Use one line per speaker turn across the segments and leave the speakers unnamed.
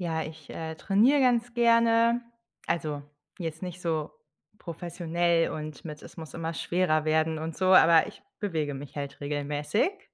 Ja, ich, äh, trainiere ganz gerne, also, jetzt nicht so professionell und mit, „es muss immer schwerer werden und so“, aber ich bewege mich halt regelmäßig.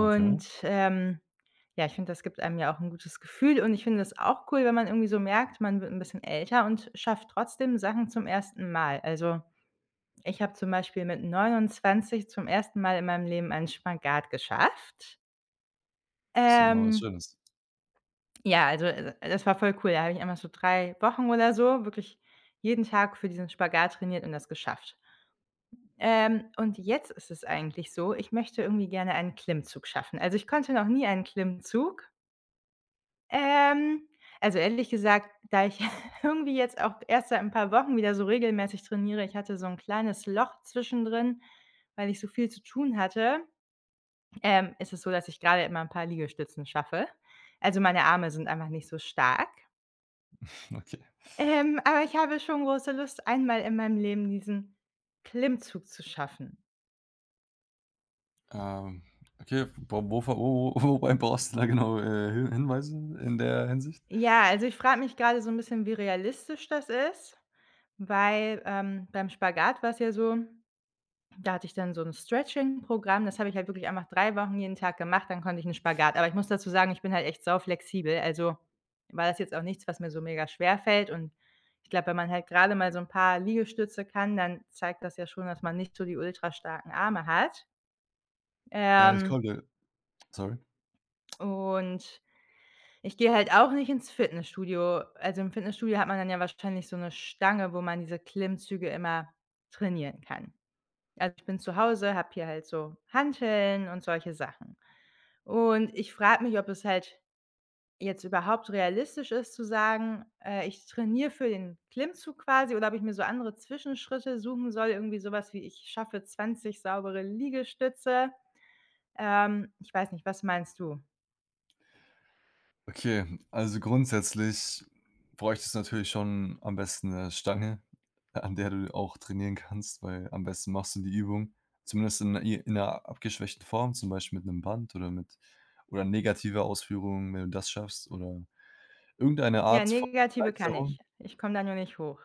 Okay.
ähm, ja, ich finde, das gibt einem ja auch ’n gutes Gefühl und ich finde das auch cool, wenn man irgendwie so merkt, man wird ’n bisschen älter und schafft trotzdem Sachen zum ersten Mal. Also, ich habe zum Beispiel mit 29 zum 1. Mal in meinem Leben einen Spagat geschafft.
Das ist ja mal was
Ähm.
Schönes.
Ja, also, äh, äh, das war voll cool, da habe ich einmal so 3 Wochen oder so wirklich jeden Tag für diesen Spagat trainiert und das geschafft. Ähm, und jetzt ist es eigentlich so, ich möchte irgendwie gerne einen Klimmzug schaffen. Also, ich konnte noch nie einen Klimmzug. Ähm, also, ehrlich gesagt, da ich irgendwie jetzt auch erst seit ’n paar Wochen wieder so regelmäßig trainiere, ich hatte so ’n kleines Loch zwischendrin, weil ich so viel zu tun hatte. Ähm, ist es so, dass ich grade immer ’n paar Liegestützen schaffe. Also, meine Arme sind einfach nicht so stark
Mhm, okay.
ähm, aber ich habe schon große Lust, einmal in meinem Leben diesen Klimmzug zu schaffen.
Ähm, okay, f w von wo wo wo wobei brauchst du da genau, äh, hin Hinweise in der Hinsicht?
Ja, also, ich frage mich gerade so ‘n bisschen, wie realistisch das ist, weil, ähm, beim Spagat war es ja so, da hatte ich dann so ‘n Stretching Programm, das habe ich halt wirklich einfach 3 Wochen jeden Tag gemacht, dann konnte ich ‘n Spagat, aber ich muss dazu sagen, ich bin halt echt sau flexibel, also, war das jetzt auch nichts, was mir so mega schwer fällt und ich glaube, wenn man halt gerade mal so ‘n paar Liegestütze kann, dann zeigt das ja schon, dass man nicht so die ultra starken Arme hat.
Äh, das
Ähm
kommt, ja Sorry.
und ich gehe halt auch nicht ins Fitnessstudio. Also, im Fitnessstudio hat man dann ja wahrscheinlich so 'ne Stange, wo man diese Klimmzüge immer trainieren kann. Also, ich bin zu Hause, habe hier halt so Hanteln und solche Sachen. Und, ich frage mich, ob es halt jetzt überhaupt realistisch ist zu sagen, äh, „ich trainiere für den Klimmzug quasi,” oder ob ich mir so andere Zwischenschritte suchen soll, irgendwie sowas, wie „ich schaffe 20 saubere Liegestütze.” Ähm, ich weiß nicht, was meinst du?
Okay, also, grundsätzlich bräuchtest du natürlich schon am besten 'ne Stange, an der du auch trainieren kannst, weil am besten machst du die Übung, zumindest in i in 'ner abgeschwächten Form, zum Beispiel mit 'nem Band oder mit oder negativer Ausführung, wenn du das schaffst, oder irgendeine
Ja,
Art von
negative kann ich.
Erleichterung.
Ich komme da nur nicht hoch.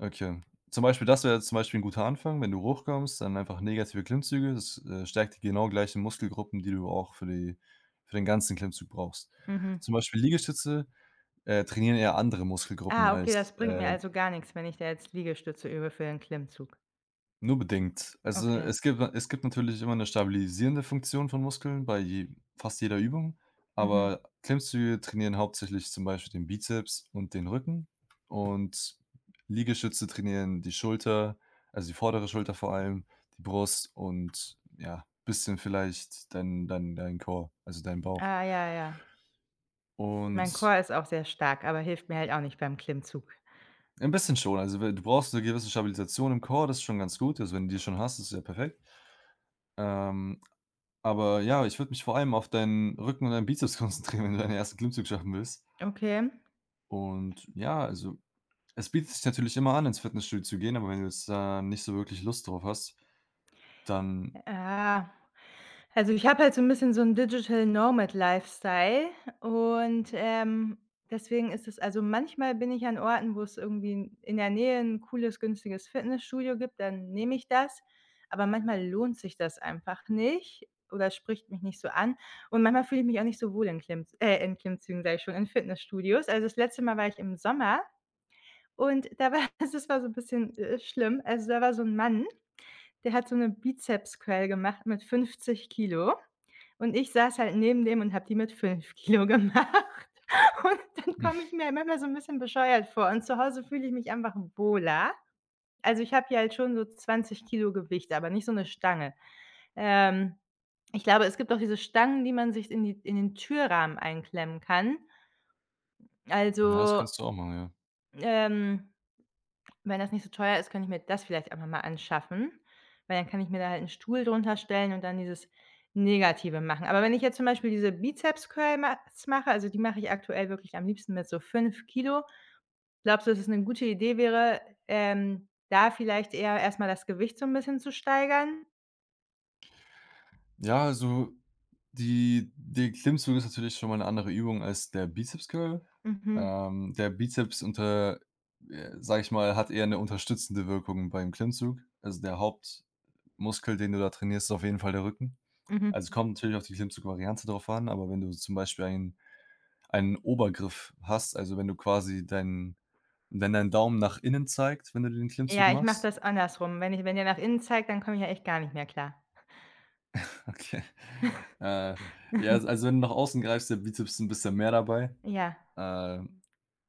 Okay. Zum Beispiel das wäre jetzt zum Beispiel ein guter Anfang, wenn du hochkommst, dann einfach negative Klimmzüge, das, äh, stärkt die genau gleichen Muskelgruppen, die du auch für die für den ganzen Klimmzug brauchst.
Mhm.
Zum Beispiel Liegestütze, äh, trainieren ja andere Muskelgruppen
Ah, okay, das
als,
bringt mir
äh
also gar nix, wenn ich da jetzt Liegestütze übe für den Klimmzug?
Nur bedingt. Also,
Okay.
es gibt na es gibt natürlich immer 'ne stabilisierende Funktion von Muskeln bei je fast jeder Übung.
Mhm.
Aber Klimmzüge trainieren hauptsächlich zum Beispiel den Bizeps und den Rücken und Liegestütze trainieren die Schulter, also, die vordere Schulter vor allem, die Brust und ja, bisschen vielleicht dein dein dein Core, also, dein Bauch.
Ah, ja, ja. Mein
Und
Core ist auch sehr stark, aber hilft mir halt auch nicht beim Klimmzug.
Ein bisschen schon. Also, we du brauchst 'ne gewisse Stabilisation im Core, das ist schon ganz gut. Also, wenn du die schon hast, das ist ja perfekt. Ähm, aber ja, ich würde mich vor allem auf deinen Rücken und deinen Bizeps konzentrieren, wenn du deinen 1. Klimmzug schaffen willst.
Okay.
Und ja, also, es bietet sich natürlich immer an, ins Fitnessstudio zu gehen, aber wenn du jetzt da nicht so wirklich Lust drauf hast, dann
Äh, also, ich habe halt so 'n bisschen so 'n Digital Nomad Lifestyle und, ähm, deswegen ist es also, manchmal bin ich an Orten, wo es irgendwie in in der Nähe 'n cooles, günstiges Fitnessstudio gibt, dann nehme ich das, aber manchmal lohnt sich das einfach nicht oder spricht mich nicht so an. Und manchmal fühle ich mich auch nicht so wohl in Klimm äh, in Klimmzügen, sage ich schon, in Fitnessstudios. Also, das letzte Mal war ich im Sommer und da war das war so 'n bisschen, äh, schlimm. Also, da war so ein Mann, der hat so 'ne Bizepscurl gemacht mit 50 Kilo und ich saß halt neben dem und habe die mit 5 Kilo gemacht und dann komme ich mir manchmal so 'n bisschen bescheuert vor und zu Hause fühle ich mich einfach wohler. Also, ich habe ja halt schon so 20 Kilo Gewicht, aber nicht so 'ne Stange. Ähm, ich glaube, es gibt auch diese Stangen, die man sich in die in den Türrahmen einklemmen kann.
Ja, das
Also,
kannst du auch machen, ja.
ähm, wenn das nicht so teuer ist, könnte ich mir das vielleicht einfach mal anschaffen, weil dann kann ich mir da halt einen Stuhl drunter stellen und dann dieses Negative machen. Aber wenn ich jetzt zum Beispiel diese Bizepscurl mach s mache, also, die mache ich aktuell wirklich am liebsten mit so 5 Kilo, glaubst du, dass es 'ne gute Idee wäre, ähm, da vielleicht eher erstmal das Gewicht so 'n bisschen zu steigern?
Ja, also, die die Klimmzug ist natürlich schon mal 'ne andere Übung als der Bizeps Curl.
Mhm.
Ähm, der Bizeps unter äh, sage ich mal, hat eher 'ne unterstützende Wirkung beim Klimmzug. Also, der Hauptmuskel, den du da trainierst, ist auf jeden Fall der Rücken.
Mhm.
Also, es kommt natürlich auf die Klimmzugvariante drauf an, aber wenn du zum Beispiel ein einen Obergriff hast, also, wenn du quasi dein wenn dein Daumen nach innen zeigt, wenn du den Klimmzug
Ja, ich mache
machst
das andersrum. Wenn ich wenn der nach innen zeigt, dann komme ich ja echt gar nicht mehr klar.
Okay. Äh, ja, als also wenn du nach außen greifst, ist der Bizeps 'n bisschen mehr dabei.
Ja.
Äh, also,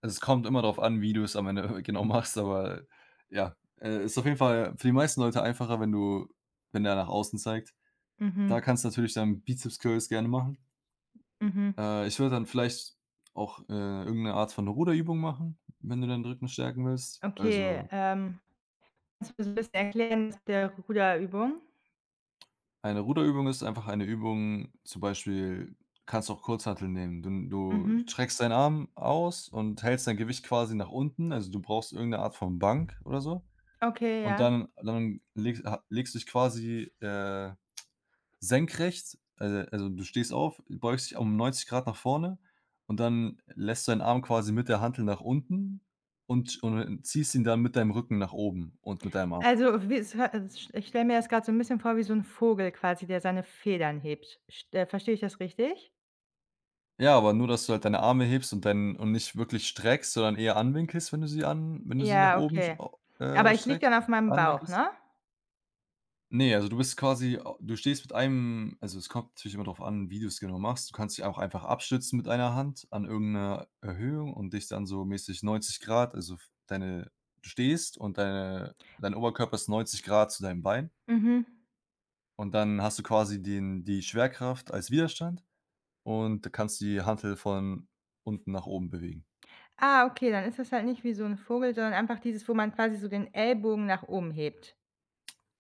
es kommt immer darauf an, wie du es am Ende, äh, genau machst, aber ja, äh, ist auf jeden Fall für die meisten Leute einfacher, wenn du wenn der nach außen zeigt. Da
Mhm.
kannst du natürlich dann Bizeps Curls gerne machen.
Mhm.
Äh, ich würde dann vielleicht auch, äh, irgend 'ne Art von Ruderübung machen, wenn du deinen Rücken stärken willst.
Okay,
Also
ähm, kannst du 'n bisschen erklären mit der Ruder-Übung?
Eine Ruderübung ist einfach eine Übung, zum Beispiel kannst du auch Kurzhanteln nehmen. Dun du
Mhm.
streckst deinen Arm aus und hältst dein Gewicht quasi nach unten. Also, du brauchst irgend 'ne Art von Bank oder so.
Okay,
Und
ja.
dann dann legs ha legst du dich quasi, äh, senkrechts, alo also, du stehst auf, beugst dich um 90 Grad nach vorne und dann lässt du deinen Arm quasi mit der Hantel nach unten und sch und ähm, ziehst ihn dann mit deinem Rücken nach oben und mit deinem Arm.
Also, wie s ha sch ich stelle mir das grad so 'n bisschen vor wie so 'n Vogel quasi, der seine Federn hebt. Sch t äh, verstehe ich das richtig?
Ja, aber nur, dass du halt deine Arme hebst und dein und nicht wirklich streckst, sondern eher anwinkelst, wenn du sie an wenn du sie nach
Ja,
oben sch
okay.
o
Aber
äh,
ich liege
streckst
dann auf meinem Bauch,
anwinkelst.
ne?
Ne, also, du bist quasi a du stehst mit einem also, es kommt natürlich immer drauf an, wie du's genau machst. Du kannst dich auch einfach abstützen mit 1 Hand an irgend 'ner Erhöhung und dich dann so mäßig 90 Grad, also, f deine du stehst und deine dein Oberkörper ist 90 Grad zu deinem Bein.
Mhm.
Und dann hast du quasi den die Schwerkraft als Widerstand und da kannst du die Hantel von unten nach oben bewegen.
Ah, okay, dann ist das halt nicht wie so 'n Vogel, sondern einfach dieses wo man quasi so den Ellbogen nach oben hebt.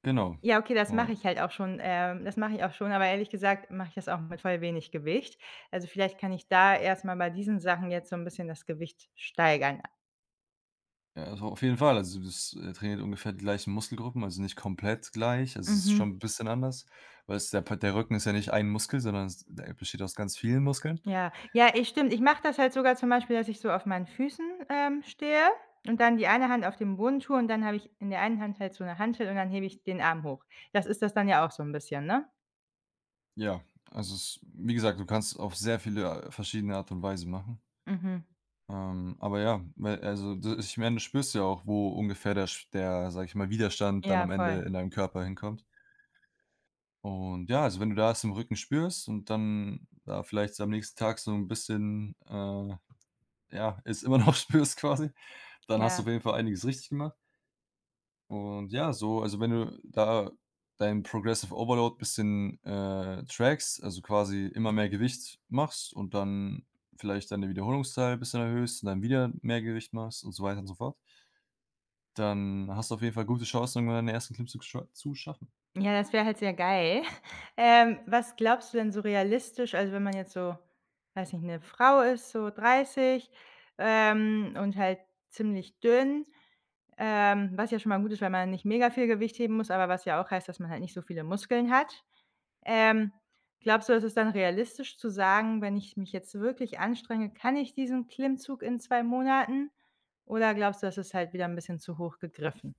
Genau.
Ja, okay, das mache
Ja.
ich halt auch schon, ähm das mache ich auch schon, aber ehrlich gesagt, mache ich das auch mit voll wenig Gewicht. Also, vielleicht kann ich da erstmal bei diesen Sachen jetzt so 'n bisschen das Gewicht steigern. A
Ja, also, auf jeden Fall. Also, das, äh, trainiert ungefähr die gleichen Muskelgruppen, also, nicht komplett gleich. Also, es ist
Mhm.
schon 'n bisschen anders, weil's der Pa der Rücken ist ja nicht 1 Muskel, sondern es der besteht aus ganz vielen Muskeln.
Ja, ja, ey, stimmt. Ich mache das halt sogar zum Beispiel, dass ich so auf meinen Füßen, ähm, stehe und dann die eine Hand auf den Boden tue und dann habe ich in der einen Hand halt so 'ne Hantel und dann hebe ich den Arm hoch. Das ist das dann ja auch so 'n bisschen, ne?
Ja, also, s wie gesagt, du kannst auf sehr viele verschiedene Art und Weisen machen.
Mhm.
Ähm, aber ja, me also, d ich meine das spürst du ja auch, wo ungefähr der sch der sage ich mal, Widerstand dann
Ja,
am Ende
voll.
in deinem Körper hinkommt. Und ja, also, wenn du da es im Rücken spürst und dann da vielleicht am nächsten Tag so 'n bisschen, äh, ja, es immernoch spürst quasi. Dann hast du
Ja.
auf jeden Fall einiges richtig gemacht. Und ja, so, also, wenn du da dein Progressive Overload bisschen, äh, trackst, also, quasi immer mehr Gewicht machst und dann vielleicht deine Wiederholungszahl bisschen erhöhst und dann wieder mehr Gewicht machst und so weiter und so fort dann hast du auf jeden Fall gute Chancen, irgendwann deinen ersten Klimzug scho zu schaffen.
Ja, das wäre halt sehr geil. Ähm, was glaubst du denn so realistisch, also wenn man jetzt so, weiß nicht, 'ne Frau ist, so 30, ähm, und halt ziemlich dünn, ähm, was ja schon mal gut ist, weil man nicht mega viel Gewicht heben muss, aber was ja auch heißt, dass man halt nicht so viele Muskeln hat. Ähm, glaubst du, dass ist dann realistisch zu sagen, wenn ich mich jetzt wirklich anstrenge, kann ich diesen Klimmzug in 2 Monaten, oder glaubst du, das ist halt wieder 'n bisschen zu hoch gegriffen?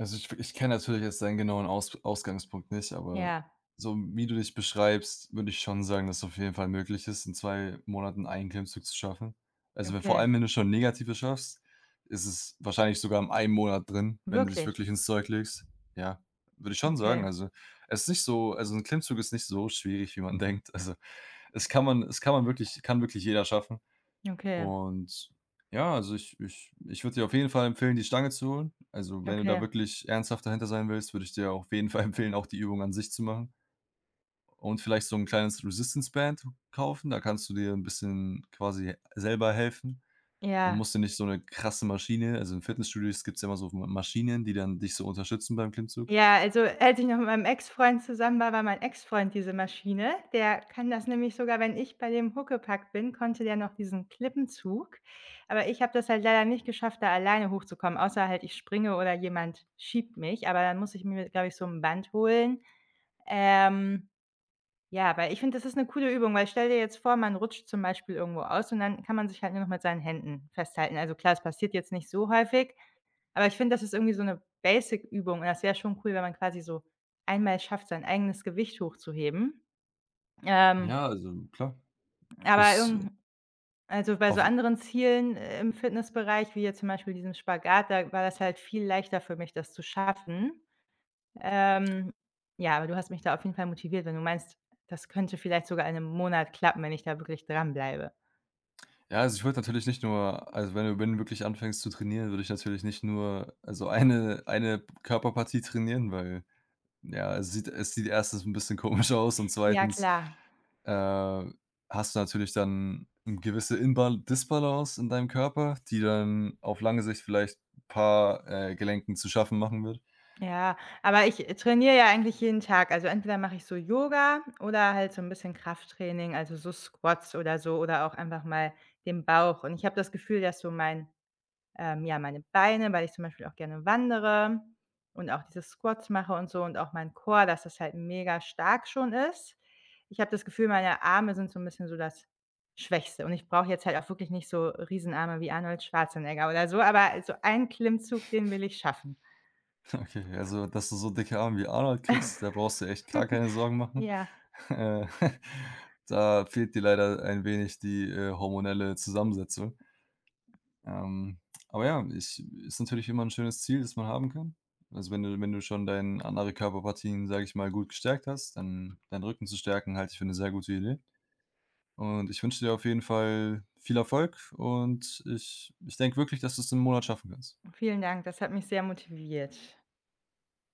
Also, ich f ich kenne natürlich jetzt deinen genauen Aus Ausgangspunkt nicht, aber
Ja.
so wie du dich beschreibst, würde ich schon sagen, dass auf jeden Fall möglich ist, in 2 Monaten einen Klimmzug zu schaffen. Also, wenn vor
Okay.
allem, wenn du schon Negative schaffst, ist es wahrscheinlich sogar im einen Monat drin, wenn du dich
Wirklich?
wirklich ins Zeug legst. Ja, würde ich schon sagen.
Okay.
Also, es nicht so also, 'n Klimmzug ist nicht so schwierig, wie man denkt. Also, es kann man es kann man wirklich kann wirklich jeder schaffen.
Okay.
Und ja, also, ich ich ich würde dir auf jeden Fall empfehlen, die Stange zu holen. Also, wenn du da
Okay.
wirklich ernsthaft dahinter sein willst, würde ich dir auf jeden Fall empfehlen, auch die Übung an sich zu machen. Und vielleicht so 'n kleines Resistance Band kaufen. Da kannst du dir 'n bisschen quasi selber helfen und
Ja.
musst dir nicht so 'ne krasse Maschine also, in Fitnessstudios gibt's ja, immer so f M Maschinen, die dann dich so unterstützen beim Klimmzug.
Ja, also, als ich noch mit meinem Ex-Freund zusammen war, war mein Ex-Freund diese Maschine. Der kann das nämlich sogar wenn ich bei dem huckepack bin, konnte der noch diesen Klippenzug. Aber ich habe das halt leider nicht geschafft, da alleine hochzukommen, außer halt ich springe oder jemand schiebt mich, aber dann muss ich mir glaube ich, so 'n Band holen. Ähm, ja, weil ich finde, das ist 'ne coole Übung, weil stell dir jetzt vor, man rutscht zum Beispiel irgendwo aus und dann kann man sich halt nur noch mit seinen Händen festhalten. Also, klar, es passiert jetzt nicht so häufig, aber ich finde, das ist irgendwie so 'ne Basic Übung und das wäre schon cool, wenn man quasi so einmal schafft, sein eigenes Gewicht hochzuheben. Ähm
Ja, also, klar.
Aber
Es
irgend 'n also, bei so
Auf e
anderen Zielen im Fitnessbereich, wie jetzt zum Beispiel diesen Spagat, da war das halt viel leichter für mich, das zu schaffen. Ähm, ja, aber du hast mich da auf jeden Fall motiviert, wenn du meinst, das könnte vielleicht sogar in 'nem Monat klappen, wenn ich da wirklich dran bleibe.
Ja, also, ich würde natürlich nicht nur also, wenn du wenn du wirklich anfängst zu trainieren, würde ich natürlich nicht nur, also, eine eine Körperpartie trainieren, weil ja, es sieht es sieht 1. 'n bisschen komisch aus und
Ja,
2.,
klar.
äh, hast du natürlich dann 'n gewisse Inba Disbalance in deinem Körper, die dann auf lange Sicht vielleicht 'n paar, äh, Gelenken zu schaffen machen wird.
Ja, aber ich, äh, trainiere ja eigentlich jeden Tag. Also, entweder mache ich so Yoga oder halt so 'n bisschen Krafttraining, also so Squats oder so oder auch einfach mal den Bauch. Und ich habe das Gefühl, dass so mein, ähm ja, meine Beine weil ich zum Beispiel auch gerne wandere und auch diese Squats mache und so und auch mein Core, dass es halt mega stark schon ist. Ich habe das Gefühl, meine Arme sind so 'n bisschen so das Schwächste, und ich brauche jetzt halt auch wirklich nicht so riesen Arme wie Arnold Schwarzenegger oder so, aber also, 1 Klimmzug, den will ich schaffen.
Okay, also, dass du so dicke Armen wie Arnold kriegst, da brauchst du echt gar keine Sorgen machen.
Ja.
Äh, da fehlt dir leider ein wenig die, äh, hormonelle Zusammensetzung. Ähm, aber ja, ich ist natürlich immer 'n schönes Ziel, das man haben kann. Also, wenn du wenn du schon deinen andere Körperpartien, sage ich mal, gut gestärkt hast, dann deinen Rücken zu stärken, halte ich für 'ne sehr gute Idee. Und ich wünsche dir auf jeden Fall viel Erfolg. Und ich ich denke wirklich, dass du es im Monat schaffen kannst.
Vielen Dank, das hat mich sehr motiviert.